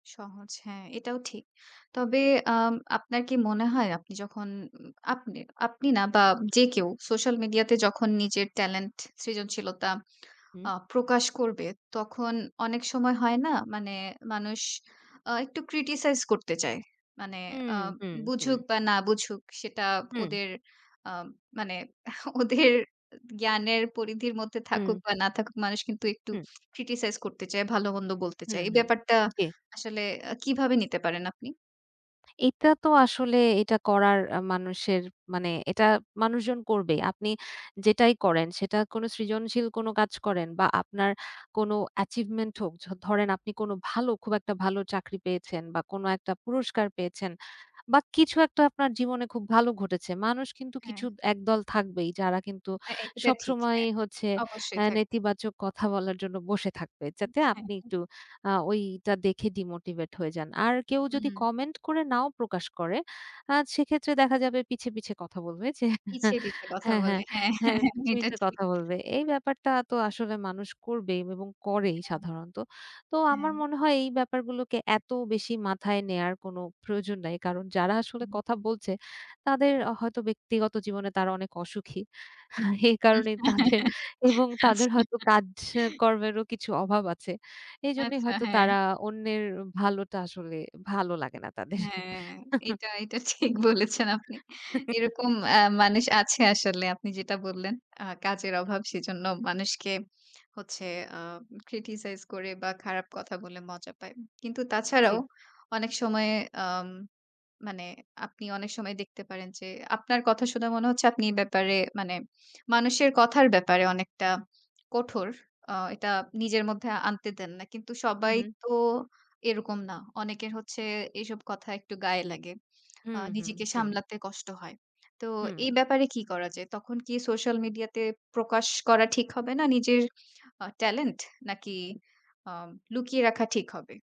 সহজ। হ্যাঁ, এটাও ঠিক। তবে আম আপনার কি মনে হয় আপনি যখন উম আপনি আপনি না বা, যে কেউ সোশ্যাল মিডিয়াতে যখন নিজের টেলেন্ট, সৃজনশীলতা আ হুম। প্রকাশ করবে তখন, অনেক সময় হয় না? মানে মানুষ আ একটু criticize করতে চায়। মানে হুম, আ হুম, বুঝুক হুম। বা, না বুঝুক সেটা হুম। ওদের আ মানে ওদের জ্ঞানের পরিধির মধ্যে থাকুক হুম। বা, না থাকুক মানুষ কিন্তু একটু হুম। criticize করতে চায়, ভালো মন্দ বলতে হু, চায়। এই হু। ব্যাপারটা জ্বী। আসলে আ কিভাবে নিতে পারেন আপনি? এটা তো আসলে এটা করার আ মানুষের মানে এটা মানুষজন করবেই। আপনি যেটাই করেন সেটা কোন সৃজনশীল কোন কাজ করেন বা, আপনার কোন অ্যাচিভমেন্ট হোক। য ধরেন আপনি কোন ভালো খুব একটা ভালো চাকরি পেয়েছেন বা, কোন একটা পুরস্কার পেয়েছেন। বা কিছু একটা আপনার জীবনে খুব ভালো ঘটেছে। মানুষ কিন্তু কিছু হ্যাঁ। একদল থাকবেই যারা কিন্তু অ্যা অ্যা এটা ঠিক। হ্যাঁ, সবসময়ই হচ্ছে অবশ্যই এ থাকবে। নেতিবাচক কথা বলার জন্য বসে থাকবে। হুম। যাতে হ্যাঁ, আপনি হ্যাঁ। একটু আ ওইটা দেখে ডিমোটিভেট হয়ে যান। আর কেউ যদি হুম। কমেন্ট করে নাও প্রকাশ করে, আ সেক্ষেত্রে দেখা যাবে পিছে, পিছে কথা বলবে যে পিছে, পিছে কথা হ্যাঁ, বলে। হ্যাঁ, হ্যাঁ, হ্যাঁ হ্যাঁ, ,হ্যাঁ, পিছে, এটা পিছে ঠিক। কথা বলবে। এই ব্যাপারটা তো আসলে মানুষ করবে বে এবং করেই হ্যাঁ। সাধারণত। তো আমার হ্যাঁ। মনে হয় এই ব্যাপারগুলোকে এত বেশি মাথায় নেয়ার কোনো প্রয়োজন নাই। কারণ যারা আসলে হুম। কথা বলছে তাদের আ হয়তো ব্যক্তিগত জীবনে তারা অনেক অসুখী। এই হুম। কারণেই হ্যাঁ, তাদের হ্যাঁ এবং ,হ্যাঁ। তাদের আচ্ছা। হয়তো কাজ এ কর্মেরও কিছু অভাব আছে। এজন্যই আচ্ছা, হয়তো হ্যাঁ। তারা অন্যের অ ভালোটা আসলে ভালো লাগে না তাদের। হ্যাঁ, এটা এটা ঠিক বলেছেন আপনি। এরকম অ্যা মানুষ আছে আসলে। আপনি যেটা বললেন, "আ কাজের অভাব সেজন্য মানুষকে হচ্ছে আ criticize করে বা, খারাপ কথা বলে মজা পায়।" কিন্তু জ্বী। তাছাড়াও অনেক সময় আম মানে আপনি অনেক সময় দেখতে পারেন যে আপনার কথা শুনে মনে হচ্ছে আপনি এ ব্যাপারে মানে মানুষের কথার ব্যাপারে অনেকটা কঠোর। আ এটা নিজের মধ্যে আনতে দেন না। কিন্তু হু, সবাই হু। তো এরকম না। অনেকের হচ্ছে এসব কথা একটু গায়ে লাগে। হু, আ হু। নিজেকে হুম। সামলাতে কষ্ট হয়। তো হুম। এই ব্যাপারে কী করা যায়? তখন কি সোশ্যাল মিডিয়াতে প্রকাশ করা ঠিক হবে না নিজের আ টেলেন্ট? নাকি আ লুকিয়ে রাখা ঠিক হবে?